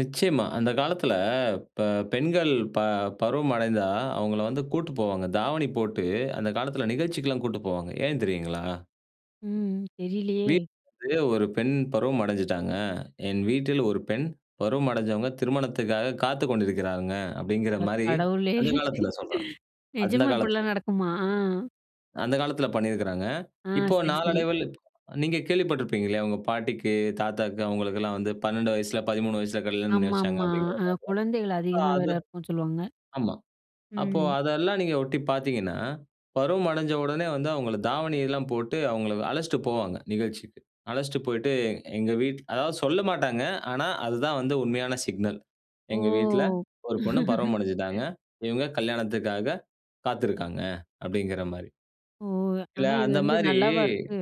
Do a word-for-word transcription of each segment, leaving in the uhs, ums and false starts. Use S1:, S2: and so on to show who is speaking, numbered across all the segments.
S1: நிச்சயமா, அந்த காலத்தில இப்ப பெண்கள் ப பருவம் அடைந்தா, அவுங்கள வந்து கூட்டு போவாங்க. தாவணி போட்டு அந்த காலத்தில நிகழ்ச்சிக்கிலாம் கூட்டு போவாங்க. ஏன் தெரியுங்களா?
S2: ம், தெரியலயே!
S1: வீட்ல [unintelligible] ஒரு பெண் பருவம் அடைஞ்சுட்டாங்க, என் வீட்டில் ஒரு பெண் பருவம் அடைஞ்சவங்க, திருமணத்துக்காக காத்துக் கொண்டிருக்கிறாங்க.
S2: அட,
S1: அப்பிடிங்கிறமாரி
S2: கடவுளே!
S1: அந்த காலத்தில சொல்றேன். அந்த
S2: நிஜமா!
S1: காலத்தில,
S2: இப்பிடிலாம் நடக்குமா?
S1: அந்த காலத்தில பண்ணியிருக்கிறாங்க.
S2: ஆ.
S1: இப்போ
S2: சரி, சரி.
S1: நாளடைவில நீங்க கேள்விப்பட்டிருப்பீங்க இல்லயா! உங்க பாட்டிக்கு, தாத்தாக்கு அவுங்களுக்கெல்லாம் வந்து பன்னெண்டு வயசில, பதிமூனு வயசில கல்யாணம் பண்ணி
S2: ஆமா,
S1: வச்சாங்க
S2: ஆமா.
S1: அப்பிடிங்கிற
S2: அ,
S1: மாரிலாம்.
S2: குழந்தைகள்
S1: அ
S2: அதிகமா வேற
S1: அது
S2: இருக்குன்னு சொல்லுவாங்க,
S1: ஆமா, அப்போ
S2: ம்.
S1: அதெல்லாம் நீங்க ஒட்டி பார்த்தீங்கன்னா, பருவம் அடஞ்ச உடனே வந்து அவுங்கள தாவணி எல்லாம் போட்டு அவுங்க அழச்சிட்டு போவாங்க. நிகழ்ச்சிக்கு, அழச்சிட்டு போயிட்டு எ எங்க வீட் அதாவது சொல்லமாட்டாங்க. ஆனா, அதுதான் வந்து உண்மையான சிக்னல் எங்க வீட்ல
S2: ஓ!
S1: ஒரு பொண்ணு பருவம் அடஞ்சுட்டாங்க. இவுங்க கல்யாணத்துக்காக காத்திருக்கிறாங்க, அப்பிடிங்கிறமாரி.
S2: ஓ!
S1: இல்ல,
S2: ஆனா, இது வந்து
S1: அந்தமாரி
S2: நல்லாவா இருக்கு?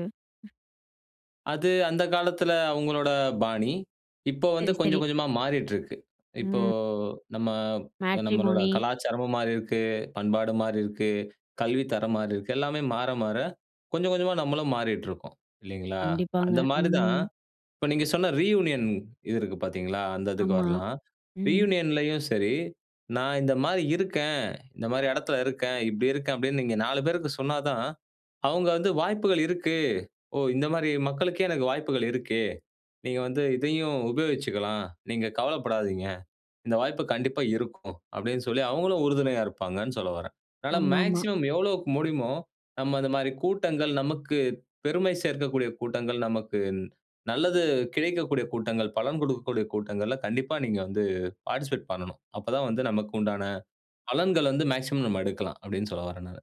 S1: அது அந்த காலத்தில அவுங்களோட பாணி. இப்போ வந்து
S2: சரி, சரி.
S1: கொஞ்சம், கொஞ்சமா மாறிட்டு இருக்கு. இப்போ
S2: ம்.
S1: நம்ம நம்மளோட
S2: மேட்ரிமோனி.
S1: கலாச்சாரமும் மாறியிருக்கு, பண்பாடு மாறியிருக்கு, கல்வி தரம் மாறியிருக்கு. எல்லாமே மாற, மாற கொஞ்சம், கொஞ்சமா நம்மளும் மாறிட்டு இருக்கோம், இல்லேங்களா!
S2: கண்டிப்பாங்க,
S1: அந்த மாரி தான்,
S2: ம்.
S1: இப்ப நீங்க சொன்ன ரியூனியன் இது இருக்கு பார்த்தீங்களா, அந்த இதுக்கு
S2: ஆமா,
S1: வரலாம்.
S2: ம்.
S1: ரியூனியன்லயும் சரி, நான் இந்தமாரி இருக்கேன், இந்தமாரி எடத்தில இருக்கேன், இப்பிடி இருக்கேன் அப்பிடின்னு நீங்க நாலு பேருக்கு சொன்னாதான், அவுங்க வந்து வாய்ப்புகள் இருக்கு. ஓ! இந்தமாரி மக்களுக்கே எனக்கு வாய்ப்புகள் இருக்கு. நீங்க வந்து இதையும் உபயோகிச்சுக்கலாம். நீங்க கவலைப்படாதீங்க. இந்த வாய்ப்பு கண்டிப்பா இருக்கும். அப்பிடின்னு சொல்லி அவுங்களும் உறுதுணையா இருப்பாங்கன்னு சொல்ல வரேன். அதனால
S2: ஆமா, ஆமா.
S1: மேக்ஸிமம் எவ்வளோக்கு முடியுமோ, நம்ம அந்தமாரி கூட்டங்கள், நமக்கு பெருமை சேர்க்கக்கூடிய கூட்டங்கள், நமக்கு நல்லது கிடைக்கக்கூடிய கூட்டங்கள், பலன் கொடுக்கக்கூடிய கூட்டங்கல்ல, கண்டிப்பா நீங்க வந்து பார்ட்டிசிபேட் பண்ணனும். அப்ப தான் வந்து நமக்கு உண்டான பலன்கள் வந்து மேக்ஸிமம் நம்ம எடுக்கலாம் அப்பிடின்னு சொல்ல வரேன் நானு.